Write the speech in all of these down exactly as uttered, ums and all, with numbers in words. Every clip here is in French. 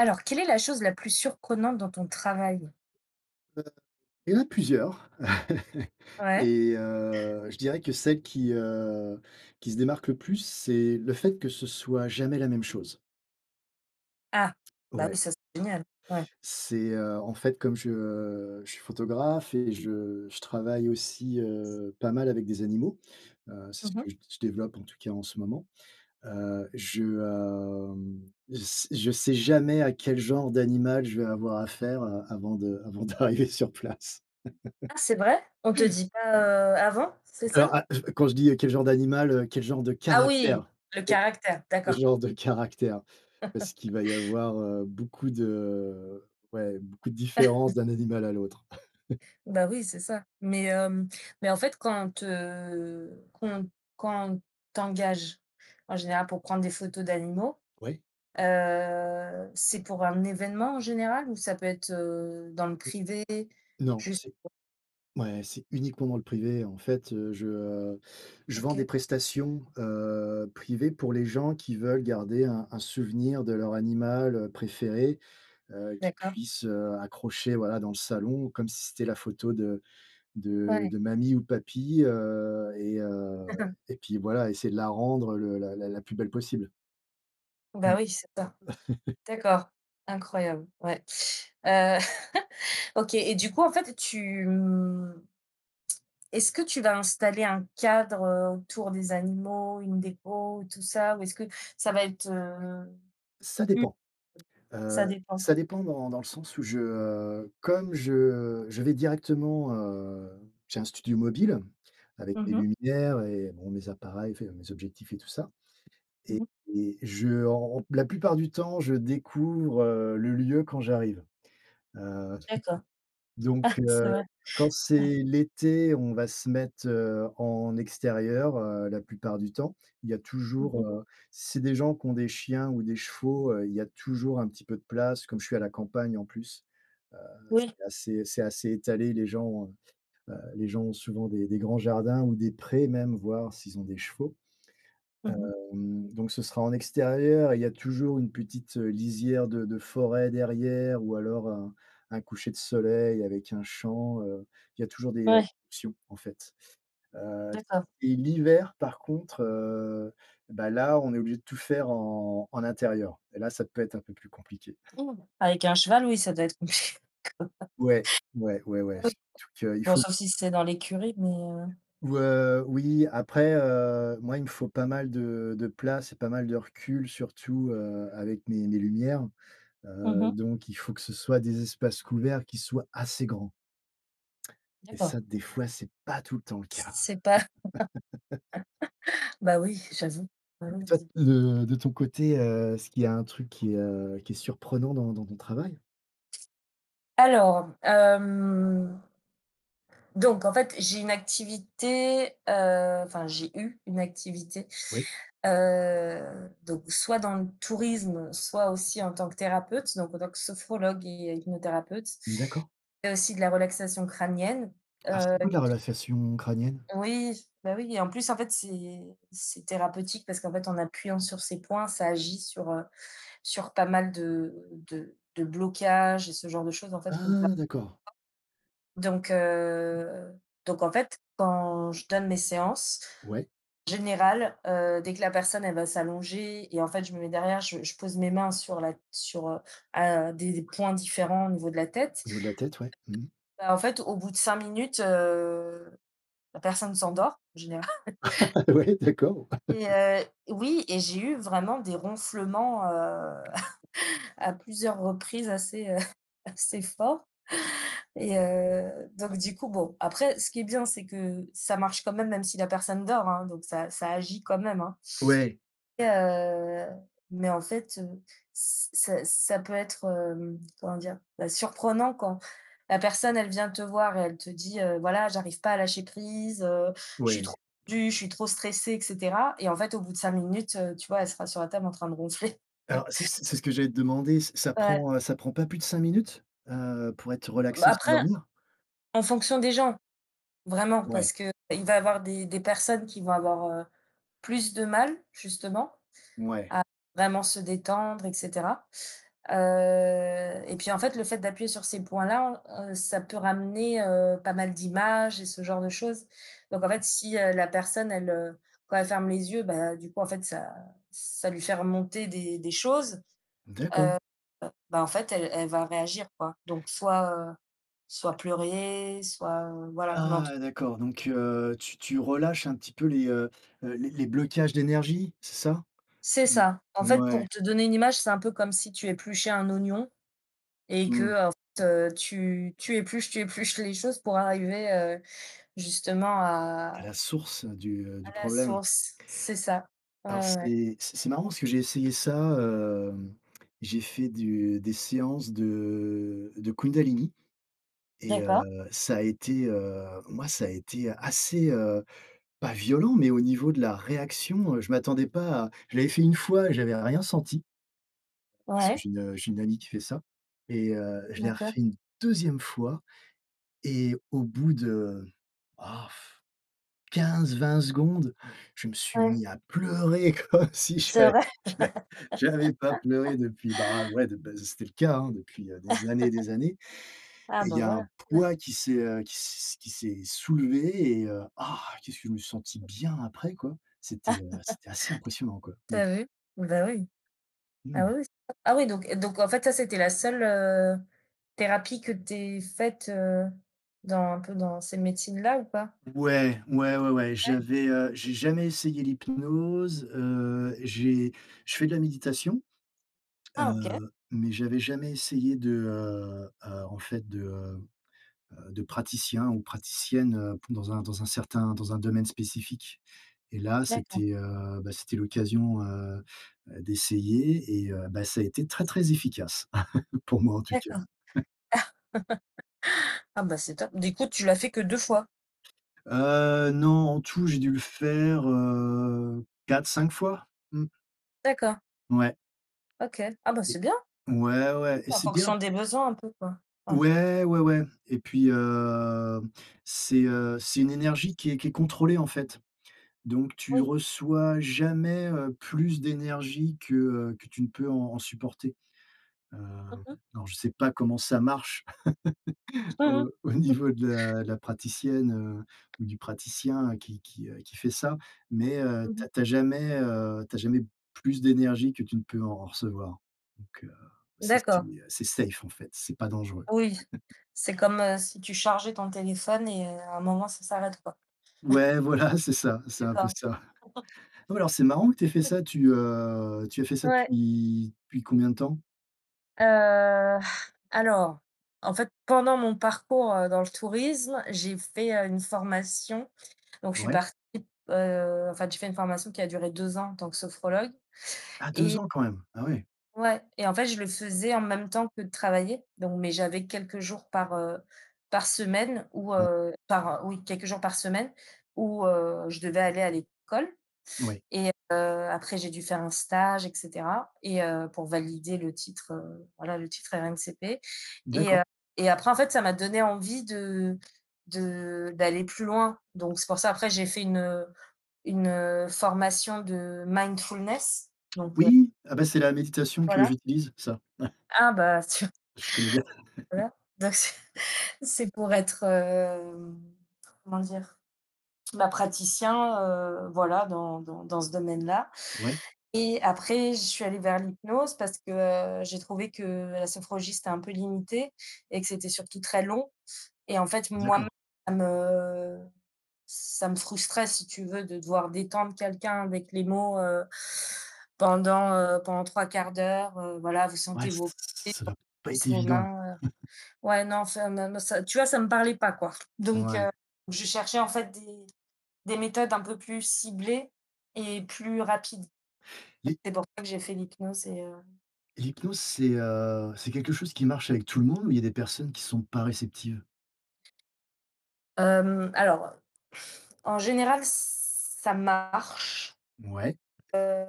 Alors, quelle est la chose la plus surprenante, dans ton travail? Heu, il y en a plusieurs. Ouais. Et heu, je dirais que celles qui, heu, qui se démarquent le plus, c'est le fait que ce soit, jamais la même chose. Ah, bah oui Ouais. ça c'est génial. Ouais. C'est, heu, en fait, comme je je suis photographe et je je travaille aussi, heu, pas mal avec des animaux. Heu, c'est Mmh ce mh. que je d je développe en tout cas en ce moment. Heu, je, hem, s je s je sais jamais à quel genre d'animal, je vais avoir affaire, heu, avant de avant d'arriver sur place. Ah c'est vrai? On te dit pas, heu, avant? C'est Alors, ça? ah je quand je dis, heu, quel genre d'animal, heu, quel genre de Ah oui! caractère. Le Et. caractère, Le d'accord. genre de caractère, parce qu'il va y avoir, heu, beaucoup de ouais beaucoup de différences d'un animal à l'autre. Ben oui, c'est ça. Mais, hem, mais en fait quand, heu, qu'on quand t'engage, en général pour prendre des photos d'animaux, Ouais. heu, c'est pour un événement en général ou ça peut être, heu, dans le Heu. privé? Non, Juste c'est pour ouais, c'est uniquement dans le privé. En fait, heu, je, heu, je vends des OK. prestations, heu, privées pour les gens qui veulent garder un un souvenir de leur animal, heu, préféré, heu, qu'ils D'accord. puissent, heu, accrocher, voilà, dans le salon comme si c'était la photo de de Ouais. de mamie ou de papi, heu et heu D'accord. et puis voilà, essayer de la rendre, heu, le la la la plus belle possible. Bah, Mmh. oui, c'est ça. D'accord, incroyable. Ouais. Heu, OK et du coup en fait tu mhh est-ce que tu vas installer un cadre, heu, autour des animaux, une dépôt, tout ça ou est-ce que ça va être, heu, Ça mmh dépend. Ça Heu, dépend. ça dépend dans dans le sens où je, heu comme je je vais directement, heu j'ai un studio mobile avec Mmh des mh. lumières et bon mes appareils, enfin mes objectifs et tout ça Mmh. et je, heu la plupart du temps, je découvre, heu, le lieu quand j'arrive. Heu, D'accord. Ah! donc C'est heu, vrai. quand Ouais. c'est l'été, on va se mettre, heu, en extérieur, heu, la plupart du temps, il y a Mmh toujours, mh. heu c'est des gens qui ont des chiens ou des chevaux, heu, il y a toujours un petit peu de place comme je suis à la campagne en plus. Heu, Oui. c'est assez, c'est assez étalé. Les gens ont, heu, les gens ont souvent des des grands jardins ou des prés même, voire s'ils ont des chevaux. Mmh. Hem, donc, ce sera en extérieur et Il y a toujours une petite, heu, lisière de de forêt derrière ou alors un un coucher de soleil avec un champ, heu. Il y a toujours des Ouais. options en fait. Heu D'accord. et l'hiver, par contre, heu, bah là, on est obligé de tout faire en en intérieur et là, ça peut être un peu plus compliqué. Mmh! Avec un cheval, oui ça doit être compliqué. Ouais, ouais, ouais Ah ouais, oui! surtout qu'il Bon, faut sauf si c'est dans l'écurie mais, heu Ou heu, oui, après heu, moi, il me faut pas mal de de place et pas mal de recul, surtout, heu, avec mes mes lumières. Mmh Heu, mh. donc, il faut que ce soient des espaces couverts qui soient assez grands et D'accord. ça, des fois, c'est pas tout le temps le Je cas sais pas. Bah, oui, j'avoue. Bah, et oui, toi visib de de ton côté, heu, est-ce qu'il y a un truc qui, heu, qui est surprenant dans dans ton travail? Alors, hem donc en fait j'ai une activité, heu, enfin j'ai eu une activité, Oui. heu, donc soit dans le tourisme soit aussi en tant que thérapeute donc en tant que sophrologue et hypnothérapeute. D'accord. Il y a aussi de la relaxation crânienne, Ah! heu, C'est quoi la qui relaxation crânienne? Oui, bah, oui et en plus en fait c'est c'est thérapeutique parce qu'en fait en appuyant sur ces points, ça agit sur, heu, sur pas mal de de de blocages et ce genre de choses en fait qu'on peut avoir. Ah! D'accord. Donc heu, donc en fait, quand je donne mes séances, Ouais. en général, heu, dès que la personne elle va s'allonger et en fait, je me mets derrière, je je pose mes mains sur la sur heu à des points différents au niveau de la tête. Au niveau de la tête ouais. Mmh. Bah, en fait, au bout de cinq minutes, heu, la personne s'endort en général Oui d'accord. et heu oui et j'ai eu vraiment des ronflements, heu, à plusieurs reprises assez, heu, assez forts et heu, donc du coup bon après ce qui est bien c'est que ça marche quand même, même si la personne dort, hein, donc ça ça agit quand même, hein Ouais. et heu, mais en fait, heu, ç ça ça peut être, hem, comment dire? Bah, surprenant quand la personne elle vient te voir et elle te dit: «Heu, voilà j'arrive pas à lâcher prise, heu, je suis trop Ouais. tendue, je suis trop stressée et cetera» et en fait au bout de cinq minutes, heu, tu vois elle sera sur la table en train de ronfler. Alors, c'est ce c'est ce que j'allais te demander, ça ça Ouais. prend, heu, ça prend pas plus de cinq minutes? Heu, pour être Bah, relaxé et après, s'endormir? en fonction des gens, vraiment. Parce Ouais. qu'il va avoir des des personnes qui vont avoir, heu, plus de mal justement Ouais. à vraiment se détendre et cetera. Heu et puis en fait le fait d'appuyer sur ces points-là, heu, ça peut ramener, heu, pas mal d'images et ce genre de choses. Donc en fait si, heu, la personne elle, heu quand elle ferme les yeux, bah, du coup en fait ça ça lui fait remonter des des choses. D'accord. Heu, bah, en fait elle elle va réagir quoi. Donc soit, heu, soit pleurer soit voilà, mais en tout Ah! D'accord. Donc heu, tu tu relâches un petit peu les, heu, heu, les les blocages d'énergie? C'est ça? C'est Heu, ça. En fait, ouais. pour te donner une image, c'est un peu comme si tu épluchais un oignon et que, Mmh. heu, en fait, heu, tu tu épluches tu épluches les choses pour arriver, heu, justement À à la source, heu, du heu, du à la problème source, c'est ça. Ouais, alors ouais, ouais. c'est c'est c'est marrant parce que j'ai essayé ça, hem, j'ai fait du des séances de de Kundalini et heu, D'accord. ça a été, heu, moi ça a été assez, heu, pas violent, mais au niveau de la réaction, heu, je m'attendais pas à je l'avais fait une fois et j'avais rien senti parce que Ouais. j'ai une, heu, j'ai une amie qui fait ça et heu, je l'ai D'accord. refait une deuxième fois et au bout de, oh pff, quinze-vingt secondes, je me suis Ouais. mis à pleurer comme si C'est j'avais vrai? j'av ais j'avais pas pleuré depuis, bah, ouais bah, c'était le cas, hein, depuis, heu, des années et des années Ah! et il Bah y a un voilà. Mmh. poids qui s'est, heu, qui s s'est qui s'est soulevé et heu, ah! Qu'est-ce que je me suis senti bien après, quoi. C'était, heu, c'était assez impressionnant quoi. Tu Mmh. as vu? Bah, oui. Ah Mmh. oui, c'est ça. Ah oui donc, heu, donc en fait ça c'était la seule, heu, thérapie que tu aies faite, heu, dans un peu dans ces médecines-là ou pas? Ouais. Ouais, ouais ouais. Ouais. J'avais, heu, j'ai jamais essayé l'hypnose, heu, j'ai je fais de la méditation, Ah! OK. heu, mais j'avais jamais essayé de, heu, heu, en fait de, heu, heu, de praticien ou praticienne, heu, pou heu, dans un certain dans un domaine spécifique et là, D'accord. c'était, heu, bah c'était l'occasion, heu, heu, d'essayer et heu, bah, ça a été très, très efficace. Pour moi en tout cas. D'accord. Ah bah, c'est top! Du coup tu l'as fait que deux fois? Heu, non, en tout j'ai dû le faire, heu, quatre-cinq fois. Mmh. D'accord. Ouais. OK. Ah bah, Et c'est bien! ouais, Oui, ouais et c'est en c'est bien fonction des besoins un peu quoi. Ouais. Ouais. Ouais, ouais et puis, hem, c'est, heu, c'est une énergie qui est qui est contrôlée en fait. Donc tu Oui. reçois jamais, heu, plus d'énergie que, heu, que tu ne peux en en supporter. Mmh Hem, mh. alors je sais pas comment ça marche, au au niveau de la la praticienne, heu, ou du praticien, heu, qui qui, heu, qui fait ça. Mais, heu, Mmh tu as mh. tu as jamais, heu, tu as jamais plus d'énergie que tu ne peux en recevoir. Donc, heu, c'est c'est, D'accord. heu, c'est safe en fait, c'est pas dangereux. Oui, c'est comme, heu, si tu chargeais ton téléphone et heu, à un moment ça s'arrête quoi. Ouais, voilà, c'est ça c'est un peu D'accord. ça. Alors, c'est marrant que tu aies fait ça. Tu, heu, tu as fait ça Ouais. depuis depuis combien de temps? Heu, alors en fait pendant mon parcours, heu, dans le tourisme, j'ai fait, heu, une formation donc je suis Ouais. partie, heu en fait j'ai fait une formation qui a duré deux ans en tant que sophrologue Ah deux et ans quand même! Ah ouais! Ouais et en fait je le faisais en même temps que de travailler donc, mais j'avais quelques jours par, heu, par semaine où, [unintelligible] heu par oui quelques jours par semaine où heu, je devais aller à l'école Ouais. et heu, après j'ai dû faire un stage et cetera et heu pour valider le titre, heu, voilà le titre RNCP et heu D'accord. et après en fait ça m'a donné envie de -de d'aller plus loin. Donc c'est pour ça après j'ai fait une, heu, une, heu, formation de mindfulness donc heu Oui, ah bah c'est la méditation que voilà. j'utilise, ça. Ah bah, tiens, Je connais bien. voilà. Donc c'est c'est pour être, hem, comment dire? Bah, praticien, heu, voilà dans dans dans ce domaine-là Ouais. et après, je suis allée vers l'hypnose. Parce que j'ai trouvé que la sophrologie, c'était un peu limité et que c'était surtout très long et en fait, D'accord. moi-même, heu, ça me frustrait si tu veux, de devoir détendre quelqu'un avec les mots, heu, pendant, heu, pendant trois quarts d'heure, heu. Voilà, vous Ouais, sentez ç vos pieds, ç ça doit vos pas être cuisses, vos évident! mains, heu. Ouais, non, enfin mais me ça, tu vois, ça me parlait pas quoi. Donc, heu, Ouais. je cherchais en fait des des méthodes un peu plus ciblées et plus rapides et Les c'est pour ça que j'ai fait l'hypnose et heu L'hypnose c'est, heu, c'est quelque chose qui marche avec tout le monde ou il y a des personnes qui sont pas réceptives? Hem, alors, en général, ç ça marche, Mouais. heu,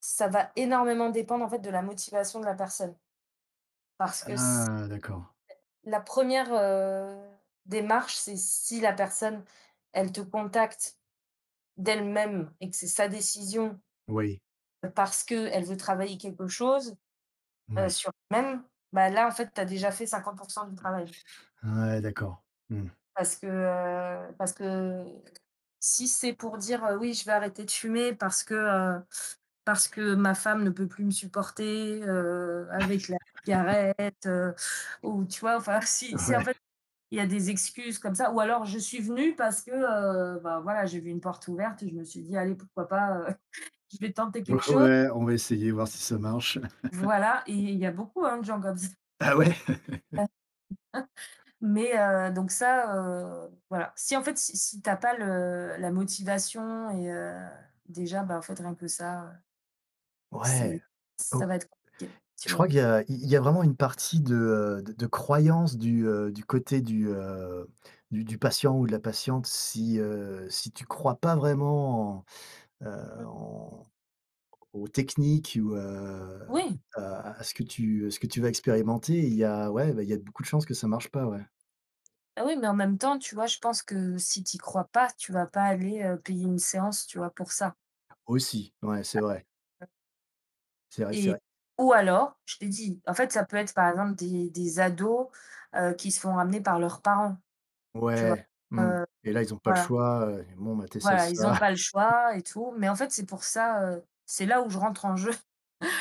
ça va énormément dépendre en fait de la motivation de la personne parce que c'est Ah! D'accord. la première, heu, démarche, c'est si la personne, elle te contacte d'elle-même et que c'est sa décision Oui. parce qu'elle veut travailler quelque chose, heu, Ouais. sur elle-même, bah, là en fait tu as déjà fait cinquante pour cent du travail quoi Ouais, d'accord. Mmh. parce que, heu parce que, heu, si c'est pour dire: «Heu, oui je veux arrêter de fumer parce que, heu, parce que ma femme ne peut plus me supporter, heu, avec la cigarette, heu», ou tu vois? Enfin si c'est en Ouais. fait il y a des excuses comme ça, ou alors: «Je suis venu parce que, heu, bah, voilà j'ai vu une porte ouverte et je me suis dit: "Allez pourquoi pas, heu, je vais tenter quelque chose"». Ouais, on va essayer voir si ça marche. Voilà et il y a beaucoup hein, de gens comme ç Ah ouais? Ouais. Mais, heu, donc ça, heu voilà si en fait si si tu as pas le la motivation et heu, déjà, bah, en fait, rien que ça, heu, c'est Ouais, ça oh! va être compliqué, tu Je vois? crois qu'il y a il y a vraiment une partie de, heu, de de croyances du, heu, du côté du, heu, du du patient ou de la patiente si, heu, si tu crois pas vraiment en, heu, Mmh. en aux techniques ou, heu, Oui. ou à à ce que tu à ce que tu vas expérimenter, il y a ouais, bah, il y a beaucoup de chances que ça marche pas, ouais. Bah, oui mais en même temps tu vois, je pense que si tu y crois pas tu vas pas aller, heu, payer une séance tu vois, pour ça. Aussi, ouais, c'est vrai. [unintelligible] C'est vrai, c'est Et vrai. ou alors, je t'ai dit, en fait, ça peut être par exemple des des ados, heu, qui se font amener par leurs parents. Tu vois? Ouais, Heu mmh heu, et là ils ont pas le voilà choix, heu: «Et bon ben tu essaies voilà, ils ont ça». pas le choix et tout. Mais en fait c'est pour ça, heu, c'est là où je rentre en jeu.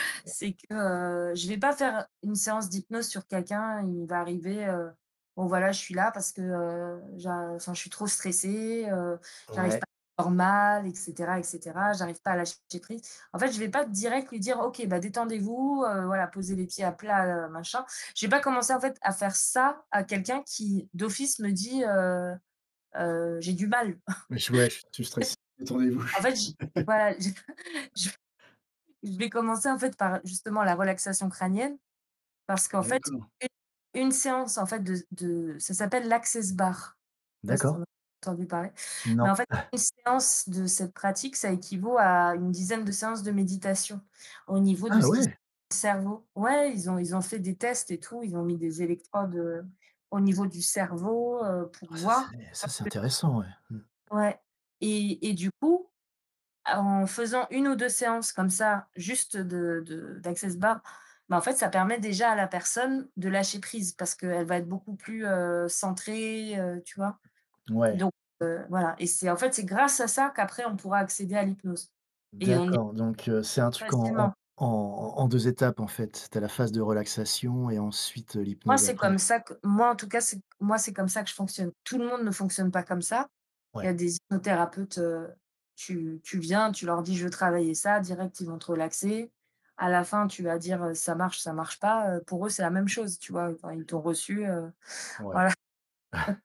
C'est que, heu, je vais pas faire, heu, une séance d'hypnose sur quelqu'un, il va arriver, heu: «Bon voilà je suis là, parce que, heu, j'a enfin je suis trop stressé, heu, j'y arrive Ouais. pas [unintelligible] normal et cetera, et cetera. J'arrive pas à lâcher prise». En fait, je vais pas direct lui dire: «OK, bah, détendez-vous, heu, voilà poser les pieds à plat, heu, machin». Je vais pas commencer en fait, à faire ça à quelqu'un qui d'office me dit: «Heu heu j'ai du mal Wesh, wesh je suis stressé. fait». Détendez-vous. Je En suis fait, j voilà, je je je vais commencer en fait, par justement, la relaxation crânienne. Parce qu'en fait, D'accord. une une séance en fait, de de ça s'appelle l'Access Bars, je sais pas si tu D'accord. en as entendu parler. Mais Non. en fait une séance de cette pratique, ça équivaut à une dizaine de séances de méditation au niveau de Ah ce qui se ouais. [unintelligible] cerveau. Ouais, ils ont ils ont fait des tests et tout, ils ont mis des électrodes, heu, au niveau du cerveau, heu, pour Oh ça c'est voir ça c'est [unintelligible] intéressant, ouais. Mmh. Ouais. Et et du coup, à en faisant une ou deux séances comme ça, juste de de d'Access Bars, mais en fait ça permet déjà à la personne de lâcher prise, parce qu'elle va être beaucoup, heu, plus centrée, heu, tu vois? Ouais. Donc, heu, voilà, et c'est en fait, c'est grâce à ça, qu'après on pourra accéder à l'hypnose. Et on est D'accord, donc, heu, c'est un truc en en facilement. en en en deux étapes en fait, tu as la phase de relaxation et ensuite, heu, Moi, l'hypnose, c'est comme après. ça que moi en tout cas, c'est moi, c'est comme ça que je fonctionne. Tout le monde ne fonctionne pas comme ça. Il y a Ouais. des hypnothérapeutes, heu, tu tu viens, tu leur dis: «Je veux travailler ça», direct ils vont te relaxer. À la fin tu vas dire, heu: «Ça marche, ça marche pas», heu, pour eux c'est la même chose, tu vois? Heu, enfin ils t'ont reçu, heu, Ouais. voilà..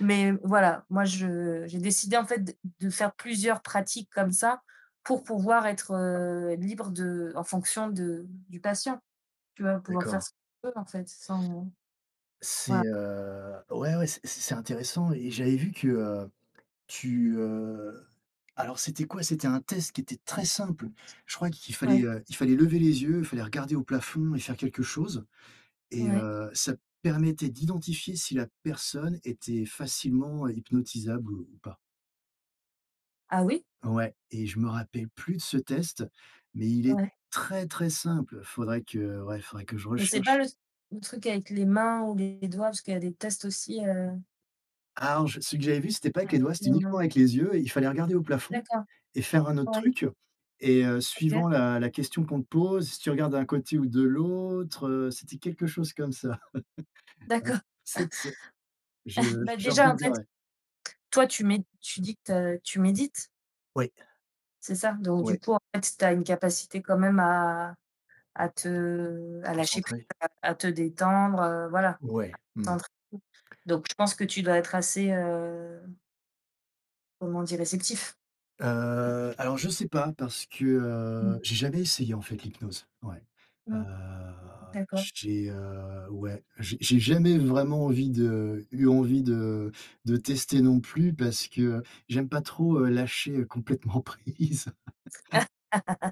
Mais, voilà moi je j'ai décidé en fait, d de faire plusieurs pratiques comme ça pour pouvoir être, heu, libre de en fonction de du patient. Tu vas pouvoir faire D'accord. ce que tu veux en fait, sans C'est, voilà. heu, ouais, ouais, c'est c'est intéressant et j'avais vu que, heu, tu, heu, alors c'était quoi? C'était un test qui était très simple. Je crois qu'il fallait, Ouais. heu, il fallait lever les yeux, il fallait regarder au plafond et faire quelque chose. Et Ouais. heu, ça permettait d'identifier si la personne était facilement hypnotisable ou, ou pas. Ah oui? Ouais et je me rappelle plus de ce test, mais il est Ouais. très, très simple. Faudrait que ouais, faudrait que je C'est pas recherche. le s le truc avec les mains ou les doigts, parce qu'il y a des tests aussi, heu? Ah non je celui que j'avais vu, c'était pas avec les Avec doigts, c'était les uniquement mains. avec les yeux et il fallait regarder au plafond D'accord, et faire un autre ouais. truc et heu, suivant OK. la la question qu'on te pose, si tu regardes d'un côté ou de l'autre, heu, c'était quelque chose comme ça. D'accord. Enfin cette ce Je Bah, je déjà en fait regarderai. toi tu mets, tu dis que, tu as tu médites. Oui. C'est ça. Donc du Ouais. coup en fait, tu as une capacité quand même à à te à lâcher prise, Concentré. à te détendre, heu, voilà. À Ouais, te mmh. concentrer, donc je pense que tu dois être assez heu comment dire, réceptif? Heu, alors je sais pas parce que, heu, Mmh. j'ai jamais essayé en fait l'hypnose. Ouais. Heu, Mmh. D'accord. j t j'ai, heu, ouais, j'ai j'ai jamais vraiment envie de eu envie de de tester non plus, parce que, j'aime pas trop, heu, lâcher complètement prise.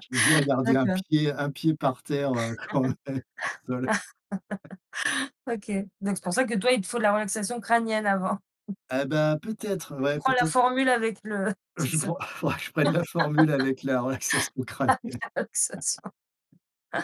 J'aime bien garder un D'accord. pied un pied par terre, heu, quand même. Au sol. OK, donc c'est pour ça que toi, il te faut la relaxation crânienne, avant? Ah bah, peut-être, heu, Toi tu ouais prends la peut-êt formule avec le c'est Je ça. prends, faudrait que je prenne la formule avec la relaxation crânienne. Avec la relaxation.